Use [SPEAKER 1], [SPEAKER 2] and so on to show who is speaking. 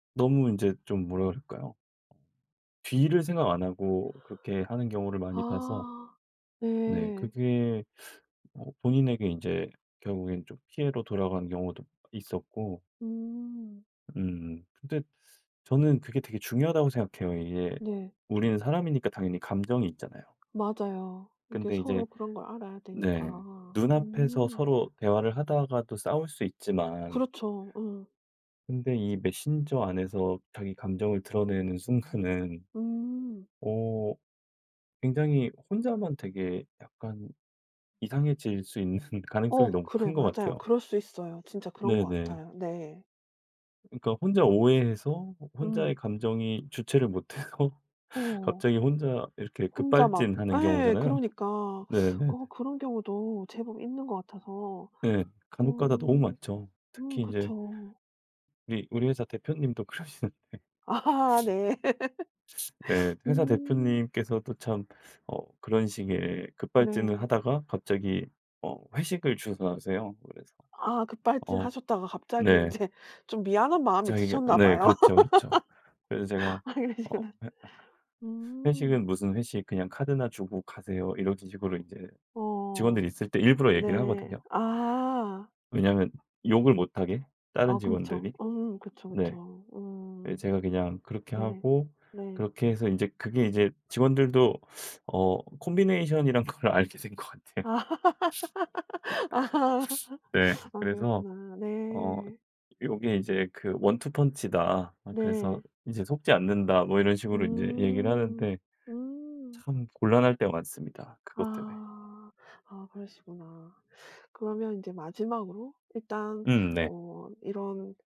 [SPEAKER 1] 너무 인제 좀 뭐라 그럴까요? 뒤를 생각 안 하고 그렇게 하는 경우를 많이 봐서.
[SPEAKER 2] 아
[SPEAKER 1] 네
[SPEAKER 2] 네.
[SPEAKER 1] 그게 뭐 본인에게 인제 결국엔 좀 피해로 돌아가는 경우도 있었고
[SPEAKER 2] 음.
[SPEAKER 1] 음 근데 저는 그게 되게 중요하다고 생각해요. 이게
[SPEAKER 2] 네.
[SPEAKER 1] 우리는 사람이니까 당연히 감정이 있잖아요.
[SPEAKER 2] 맞아요. 이게
[SPEAKER 1] 근데
[SPEAKER 2] 서로
[SPEAKER 1] 이제
[SPEAKER 2] 그런 걸 알아야
[SPEAKER 1] 네
[SPEAKER 2] 되니까.
[SPEAKER 1] 눈앞에서
[SPEAKER 2] 음.
[SPEAKER 1] 서로 대화를 하다가도 싸울 수 있지만
[SPEAKER 2] 그렇죠. 어.
[SPEAKER 1] 근데 이 메신저 안에서 자기 감정을 드러내는 순간은
[SPEAKER 2] 음.
[SPEAKER 1] 어 굉장히 혼자만 되게 약간 이상해질 수 있는 가능성이
[SPEAKER 2] 어
[SPEAKER 1] 너무
[SPEAKER 2] 그래
[SPEAKER 1] 큰 것
[SPEAKER 2] 맞아요.
[SPEAKER 1] 같아요.
[SPEAKER 2] 그럴 수 있어요. 진짜 그런 것
[SPEAKER 1] 네네.
[SPEAKER 2] 같아요. 네.
[SPEAKER 1] 그러니까 혼자
[SPEAKER 2] 음
[SPEAKER 1] 오해해서 호 혼자의
[SPEAKER 2] 음.
[SPEAKER 1] 감정이 주체를 못 하고
[SPEAKER 2] 어.
[SPEAKER 1] 갑자기 혼자 이렇게
[SPEAKER 2] 혼자 막
[SPEAKER 1] 급발진하는
[SPEAKER 2] 예
[SPEAKER 1] 경우잖아요.
[SPEAKER 2] 그러니까
[SPEAKER 1] 네네.
[SPEAKER 2] 어 그런 경우도 제법 있는 것 같아서
[SPEAKER 1] 네 간혹가다 너무
[SPEAKER 2] 어
[SPEAKER 1] 많죠.
[SPEAKER 2] 음
[SPEAKER 1] 특히 인제
[SPEAKER 2] 그렇죠.
[SPEAKER 1] 네 우리 우리 회사 대표님도 그러시는데.
[SPEAKER 2] 아 네
[SPEAKER 1] 네 회사
[SPEAKER 2] 음.
[SPEAKER 1] 대표님께서도 참 어 그런 식의 급발진을
[SPEAKER 2] 네.
[SPEAKER 1] 하다가 갑자기 어 회식을 주선하세요. 그래서
[SPEAKER 2] 아 급발진
[SPEAKER 1] 어
[SPEAKER 2] 하셨다가 갑자기
[SPEAKER 1] 네.
[SPEAKER 2] 인제 좀 미안한 마음이
[SPEAKER 1] 자기가
[SPEAKER 2] 드셨나
[SPEAKER 1] 네
[SPEAKER 2] 봐요.
[SPEAKER 1] 그렇죠 그렇죠. 그래서 제가
[SPEAKER 2] 아
[SPEAKER 1] 어
[SPEAKER 2] 그러시구나.
[SPEAKER 1] 회
[SPEAKER 2] 음.
[SPEAKER 1] 회식은 무슨 회식, 그냥 카드나 주고 가세요. 이런 식으로 인제 직원들이
[SPEAKER 2] 어
[SPEAKER 1] 있을 때 일부러 얘기를
[SPEAKER 2] 네
[SPEAKER 1] 하거든요.
[SPEAKER 2] 아.
[SPEAKER 1] 왜냐하면 욕을 못 하게 다른
[SPEAKER 2] 아 그렇죠.
[SPEAKER 1] 직원들이.
[SPEAKER 2] 음 그쵸
[SPEAKER 1] 네
[SPEAKER 2] 그쵸.
[SPEAKER 1] 네,
[SPEAKER 2] 음
[SPEAKER 1] 제가 그냥 그렇게
[SPEAKER 2] 네
[SPEAKER 1] 하고
[SPEAKER 2] 네.
[SPEAKER 1] 그렇게 해서 인제 그게 이제 직원들도 어 콤비네이션이라는 걸 알게 된 것 같아요.
[SPEAKER 2] 아 아
[SPEAKER 1] 네
[SPEAKER 2] 아
[SPEAKER 1] 그래서
[SPEAKER 2] 그렇구나.
[SPEAKER 1] 어
[SPEAKER 2] 네.
[SPEAKER 1] "요게 인제 그 원투 펀치다." 아 그래서
[SPEAKER 2] 네.
[SPEAKER 1] "인제 속지 않는다." 뭐 이런 식으로 인제 얘기를
[SPEAKER 2] 음
[SPEAKER 1] 하는데
[SPEAKER 2] 음.
[SPEAKER 1] 참 곤란할 때가 많습니다 그것 때문에.
[SPEAKER 2] 아 아 그러시구나. 그러면 인제 마지막으로 일단
[SPEAKER 1] 음 네.
[SPEAKER 2] 어 이런